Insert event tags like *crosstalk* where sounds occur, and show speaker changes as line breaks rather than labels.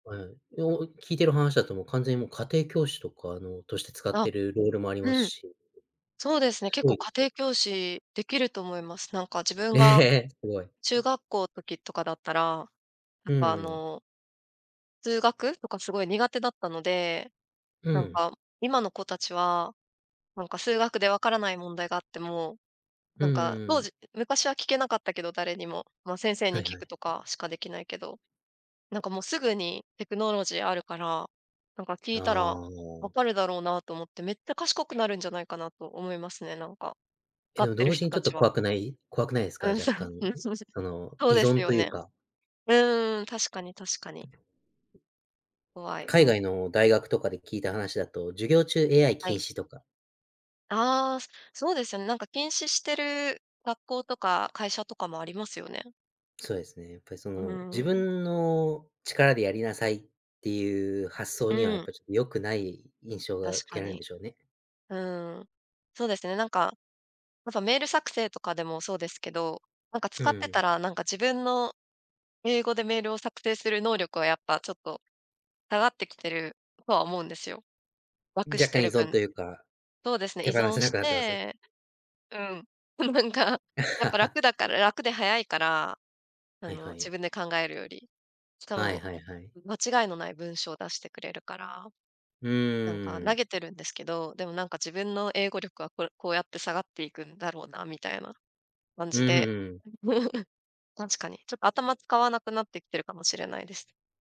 うん。いやもう聞いてる話だともう完全にもう家庭教師とか、あの、として使っ
あ。
てるロールもあります
うん。
し
そうですね。
す
結
ご
構
いで
家
すよ。
庭教師できると思います。なんか自分
え、へ
が
え、え、すごい。
中学校時とかだったら、や
う
っ
ん
ぱ、あ
うん。
の数学とかすごい苦手だったので、
う
なん
ん。
か今の子たちは、なんか数学でわからない問題があっても、
う
な
ん
ん
う
か
んう
当
ん。
時、昔は聞けなかったけど誰にも、ま、先生
は
に
い
聞
はい。
くとかしかできないけど、なんかもうすぐにテクノロジーあるから、なんか聞
あ
いたらわ
あ。
かるだろうなと思ってめっちゃ賢くなるんじゃないかなと思いますね、なんか、か
け
っ
ど、
てる
同時
人
にちょ
た
っと
ちは。
怖くない？怖くないすか、
うん、
若
そう、
干、うん、
うん、すいません。
その、
そう
依
です
存
よ
という
ね。
か。
うんうんうん、確かに、確かに。怖い、う
海
ん。
外の大学とかで聞いた話だと、授業中 AI
は
禁
い。
止とか。
ああ、そうですよね。なんか禁止してる学校とか会社とかもありますよね。
そうですね、やっぱりそ
うー
の、自
ん。
分の力でやりなさいっていう発想
う
には、やっ
ん。
ぱちょよくない印象が
確
受
か
けられるん
に。
でしょうね。
うんうん。そうですね、なんか、ま、ふぁメール作成とかでもそうですけど、なんか
う
使
ん、う
っ
う
てた
ん。
ら、なんか自分の、英語でメールを作成する能力はやっぱちょっと、下がってきてるとは思うんですよ、楽
若
して
干依
る
存
分。
というか、
そうですね、依
手放
存
せな
し
くなってます？
て、うん。なんかやっぱ
*chuckles*
楽だから楽で早いから、あ
はい
の、
は
自
い。
分で考えるより。しか
はい、
も、
はい、はい。
う間違いのない文章出してくれるから、
う
なんか
ー
投
ん。
げてるんですけど、でもなんか自分の英語力はこれこうやって下がっていくんだろうなみたいな、感
う
じ
ん、ふ、う
で。
うん。
*chuckles* 確かに、ちょっと頭使わなくなってきてるかもしれないです。